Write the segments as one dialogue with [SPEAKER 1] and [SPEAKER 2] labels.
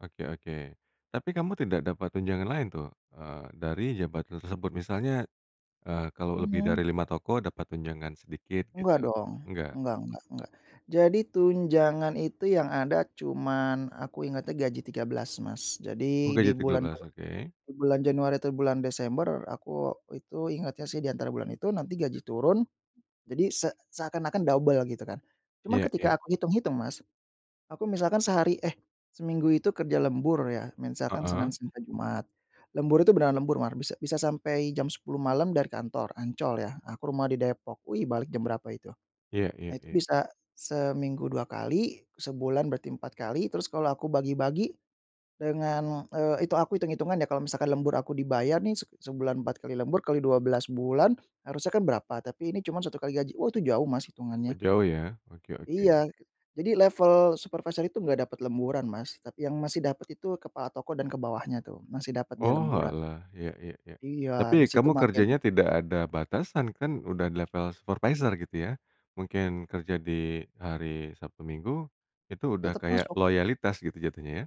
[SPEAKER 1] Oke oke. Tapi kamu tidak dapat tunjangan lain tuh, eee, dari jabatan tersebut misalnya, eee, kalau lebih
[SPEAKER 2] Mhm.
[SPEAKER 1] dari 5 toko dapat tunjangan sedikit
[SPEAKER 2] Enggak
[SPEAKER 1] gitu,
[SPEAKER 2] dong,
[SPEAKER 1] enggak?
[SPEAKER 2] enggak enggak enggak. Jadi tunjangan itu yang ada cuman aku ingatnya gaji 13, Mas.
[SPEAKER 1] Oh
[SPEAKER 2] Jadi di
[SPEAKER 1] gaji tiga
[SPEAKER 2] bulan
[SPEAKER 1] belas,
[SPEAKER 2] bu
[SPEAKER 1] oke.
[SPEAKER 2] di bulan Januari atau bulan Desember, aku itu ingatnya sih di antara bulan itu nanti gaji turun. Jadi se seakan-akan dobel gitu kan. Cuman
[SPEAKER 1] Iya iya.
[SPEAKER 2] ketika aku hitung-hitung, Mas, aku misalkan sehari eh seminggu itu kerja lembur ya, misalkan Senin
[SPEAKER 1] Heeh.
[SPEAKER 2] sampai Jumat. Lembur itu beneran lembur mar, bisa bisa sampai jam 10.00 malam dari kantor, Ancol ya. Aku rumah di Depok, wih balik jam berapa itu.
[SPEAKER 1] Iya iya
[SPEAKER 2] Nah itu
[SPEAKER 1] iya.
[SPEAKER 2] bisa seminggu 2 kali, sebulan berarti 4 kali. Terus kalau aku bagi-bagi dengan, eee, itu aku hitung-hitungan ya kalau misalkan lembur aku dibayar nih, se sebulan 4 kali lembur kali 12 bulan, harusnya kan berapa, tapi ini cuman 1 kali gaji. Oh itu jauh Mas,
[SPEAKER 1] Oh,
[SPEAKER 2] hitungannya.
[SPEAKER 1] jauh ya? Oke oke.
[SPEAKER 2] Iya, jadi level supervisor itu enggak dapat lemburan, Mas. Tapi yang masih dapat itu kepala toko dan ke bawahnya tuh, masih dapat dia lemburan.
[SPEAKER 1] Oalah, iya iya iya.
[SPEAKER 2] Iya, di
[SPEAKER 1] Tapi
[SPEAKER 2] situ
[SPEAKER 1] kamu
[SPEAKER 2] makin
[SPEAKER 1] kerjanya tidak ada batasan kan, udah di level supervisor gitu ya. Mungkin kerja di hari Sabtu, Minggu. Itu sudah
[SPEAKER 2] Tetep
[SPEAKER 1] kayak
[SPEAKER 2] masuk.
[SPEAKER 1] loyalitas gitu jatuhnya ya?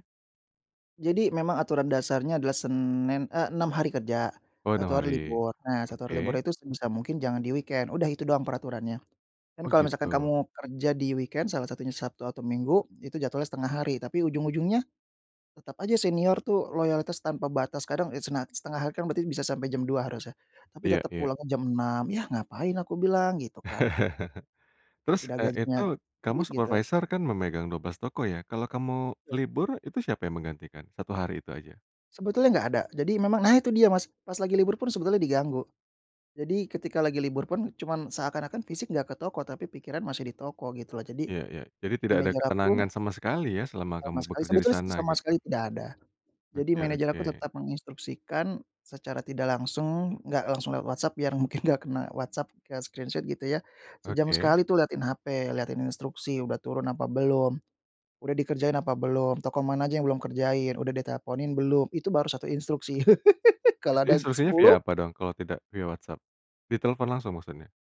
[SPEAKER 2] Jadi memang aturan dasarnya adalah Senin eh 6 hari kerja,
[SPEAKER 1] Oh, 6
[SPEAKER 2] 1 hari
[SPEAKER 1] hari,
[SPEAKER 2] libur. Nah 1 hari libur
[SPEAKER 1] oke.
[SPEAKER 2] itu sebisa mungkin jangan di weekend, udah itu doang peraturannya. Dan
[SPEAKER 1] Oh
[SPEAKER 2] kalau misalkan
[SPEAKER 1] gitu.
[SPEAKER 2] kamu kerja di weekend, salah satunya Sabtu atau Minggu, itu jatuhnya setengah hari. Tapi ujung-ujungnya tetap aja senior tuh loyalitas tanpa batas. Kadang, eee, senat setengah hari kan berarti bisa sampai jam 2.00 harusnya, tapi
[SPEAKER 1] Iya
[SPEAKER 2] tetap
[SPEAKER 1] iya.
[SPEAKER 2] pulangnya jam 6.00 "Yah, ngapain," aku bilang gitu kan.
[SPEAKER 1] Terus,
[SPEAKER 2] Udah
[SPEAKER 1] eee,
[SPEAKER 2] gajinya
[SPEAKER 1] itu kamu
[SPEAKER 2] pelit gitu.
[SPEAKER 1] supervisor kan memegang 12 toko ya, kalau kamu
[SPEAKER 2] Te
[SPEAKER 1] libur itu siapa yang menggantikan? 1 hari itu saja.
[SPEAKER 2] Sebetulnya enggak ada, jadi memang nah itu dia, Mas, pas lagi libur pun sebetulnya diganggu. Jadi ketika lagi libur pun cuman seakan-akan fisik enggak ke toko tapi pikiran masih di toko gitu loh, jadi
[SPEAKER 1] Iya iya, jadi tidak ada
[SPEAKER 2] manager
[SPEAKER 1] ketenangan
[SPEAKER 2] aku
[SPEAKER 1] sama sekali ya selama
[SPEAKER 2] Sama
[SPEAKER 1] kamu
[SPEAKER 2] sekali
[SPEAKER 1] bekerja di
[SPEAKER 2] sebetulnya s
[SPEAKER 1] sana
[SPEAKER 2] sama
[SPEAKER 1] gitu.
[SPEAKER 2] sekali tidak ada. Jadi
[SPEAKER 1] Oke
[SPEAKER 2] manajer aku
[SPEAKER 1] oke.
[SPEAKER 2] tetap menginstruksikan secara tidak langsung. Enggak langsung lewat WhatsApp biar mungkin enggak kena WhatsApp ke screenshot gitu ya. Sejam
[SPEAKER 1] Oke.
[SPEAKER 2] sekali itu lihatin HP, lihatin instruksi udah turun apa belum. Udah dikerjain apa belum, toko mana aja yang belum kerjain, udah diteleponin belum? Itu baru 1 instruksi. Kalau ada
[SPEAKER 1] Instruksinya via
[SPEAKER 2] 10?
[SPEAKER 1] apa dong kalau tidak via WhatsApp? Ditelfon langsung maksudnya?